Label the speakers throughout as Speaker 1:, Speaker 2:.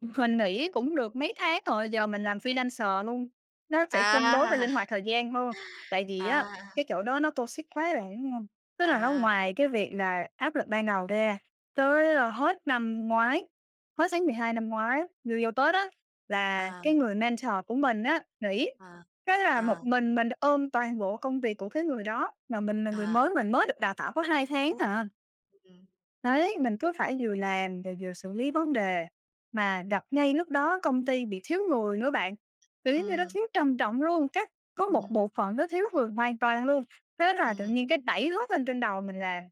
Speaker 1: Mình nghỉ cũng được mấy tháng rồi, giờ mình làm freelancer luôn, nó sẽ cân đối và
Speaker 2: À!
Speaker 1: linh hoạt thời gian hơn. Tại vì á,
Speaker 2: À.
Speaker 1: cái chỗ đó nó toxic quá bạn hiểu hông? Tức là nó
Speaker 2: À.
Speaker 1: ngoài cái việc là áp lực ban đầu ra, tới, ơ, hết năm ngoái hết tháng 12 năm ngoái vô vô Tết á, là
Speaker 2: À.
Speaker 1: cái người mentor của mình á nghỉ
Speaker 2: À,
Speaker 1: cái là một
Speaker 2: à.
Speaker 1: mình mình ôm toàn bộ công việc của cái người đó, mà mình là người
Speaker 2: À.
Speaker 1: mới, mình mới được đào tạo có 2 tháng à.
Speaker 2: Ừm.
Speaker 1: Đấy, mình
Speaker 2: [unintelligible]
Speaker 1: cứ phải vừa làm rồi vừa xử lý vấn đề, mà gặp ngay lúc đó công ty bị thiếu người nữa bạn, kiểu, giống như nó
Speaker 2: Ừm.
Speaker 1: thiếu trầm trọng luôn, các có một
Speaker 2: Ừm.
Speaker 1: bộ phận nó thiếu người hoàn toàn luôn, thế là tự
Speaker 2: Ừm.
Speaker 1: nhiên cái đẩy hết lên trên đầu mình làm.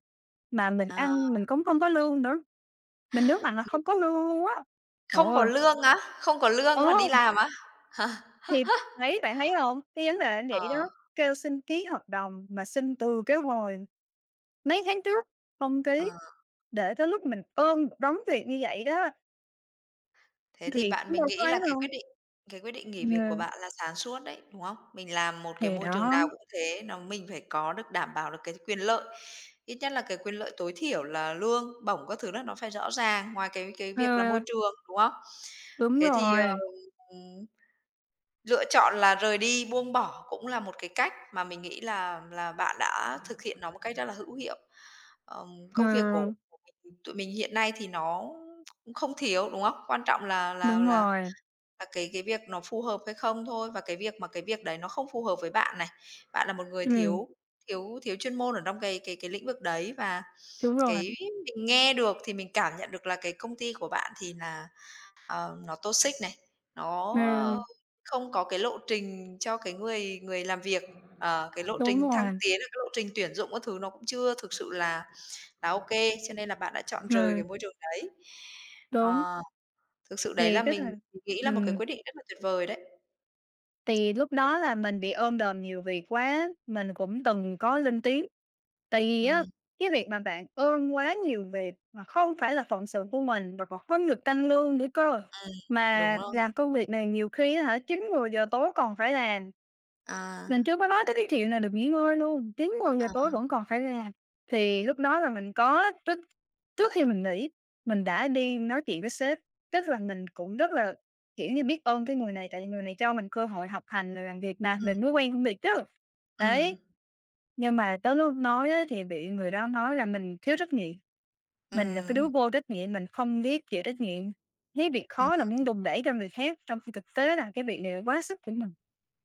Speaker 1: Mà mình
Speaker 2: À!
Speaker 1: ăn mình cũng không có lương nữa, mình nhấn mạnh là
Speaker 2: [unintelligible]
Speaker 1: không có lương luôn á, trời
Speaker 2: Không có
Speaker 1: ơi!
Speaker 2: lương á? Không có lương mà đi
Speaker 1: Ờ.
Speaker 2: làm á? Hả?
Speaker 1: Thì, thấy bạn thấy hông? Cái vấn đề nó
Speaker 2: Ờ.
Speaker 1: vậy đó, kêu xin ký hợp đồng mà xin từ cái hồi mấy tháng trước không ký,
Speaker 2: Ờ.
Speaker 1: để tới lúc mình ôm một đống việc như vậy đó.
Speaker 2: Thế thì
Speaker 1: Thì
Speaker 2: bạn,
Speaker 1: cũng
Speaker 2: mình
Speaker 1: đâu có
Speaker 2: nghĩ là
Speaker 1: ấy
Speaker 2: cái quyết
Speaker 1: đâu.
Speaker 2: định cái quyết định nghỉ việc của
Speaker 1: Ờ.
Speaker 2: bạn là sáng suốt đấy, đúng không? Mình làm một cái
Speaker 1: Thì
Speaker 2: môi trường
Speaker 1: đó.
Speaker 2: nào cũng thế, nó mình phải có được đảm bảo được cái quyền lợi, ít nhất là cái quyền lợi tối thiểu là lương bổng các thứ là nó phải rõ ràng ngoài cái cái việc là môi
Speaker 1: Ờ.
Speaker 2: trường, đúng không?
Speaker 1: Đúng
Speaker 2: Thế thì, ờ,
Speaker 1: rồi.
Speaker 2: ừm, lựa chọn là rời đi, buông bỏ cũng là một cái cách mà mình nghĩ là là bạn đã thực hiện nó một cách rất là hữu hiệu. Ờm, công việc của
Speaker 1: Ừm.
Speaker 2: của mình, tụi mình hiện nay thì nó cũng không thiếu, đúng không? Quan trọng là là
Speaker 1: Đúng
Speaker 2: là
Speaker 1: rồi.
Speaker 2: là cái cái việc nó phù hợp hay không thôi, và cái việc mà cái việc đấy nó không phù hợp với bạn này. Bạn là một người
Speaker 1: Ừm.
Speaker 2: thiếu thiếu thiếu chuyên môn ở trong cái cái cái lĩnh vực đấy, và
Speaker 1: Đúng rồi.
Speaker 2: cái mình nghe được thì mình cảm nhận được là cái công ty của bạn thì là ờ nó toxic này, nó, ờ,
Speaker 1: Ừm.
Speaker 2: không có cái lộ trình cho cái người người làm việc, ờ, cái lộ
Speaker 1: Đúng
Speaker 2: trình thăng
Speaker 1: rồi.
Speaker 2: tiến hay cái lộ trình tuyển dụng các thứ nó cũng chưa thực sự là là OK, cho nên là bạn đã chọn rời cái
Speaker 1: Ừm.
Speaker 2: môi trường đấy.
Speaker 1: Đúng.
Speaker 2: Ờ, thực sự đấy là
Speaker 1: Thì cái
Speaker 2: mình
Speaker 1: thằng
Speaker 2: mình nghĩ là một cái
Speaker 1: ừm.
Speaker 2: quyết định rất là tuyệt vời đấy!
Speaker 1: Thì lúc đó là mình bị ôm đồm nhiều việc quá, mình cũng từng có lên tiếng, tại vì á,
Speaker 2: Ừm.
Speaker 1: cái việc mà bạn ôm quá nhiều việc mà không phải là phận sự của mình và còn hông được tăng lương nữa cơ,
Speaker 2: Ừm, đúng
Speaker 1: mà
Speaker 2: rồi.
Speaker 1: làm công việc này nhiều khi á hả, 9:00-10:00 tối còn phải làm.
Speaker 2: À.
Speaker 1: Mình chưa có nói tới cái chuyện là được nghỉ ngơi luôn, 9:00-10:00
Speaker 2: À.
Speaker 1: tối vẫn còn phải làm. Thì lúc đó là mình có trước trước khi mình nghỉ, mình đã đi nói chuyện với sếp, tức là mình cũng rất là, kiểu như, biết ơn cái người này, tại vì người này cho mình cơ hội học hành rồi làm việc mà,
Speaker 2: Ừm.
Speaker 1: mình mới quen công việc chứ,
Speaker 2: Ừm.
Speaker 1: đấy. Nhưng mà tới lúc nói á, thì bị người đó nói là mình thiếu trách nhiệm, mình là cái đứa
Speaker 2: Ừm.
Speaker 1: vô trách nhiệm, mình không biết chịu trách nhiệm, thấy việc
Speaker 2: Ừm,
Speaker 1: khó là muốn
Speaker 2: ừm.
Speaker 1: đùn đẩy cho người khác, trong khi thực tế là cái việc này là quá sức của mình.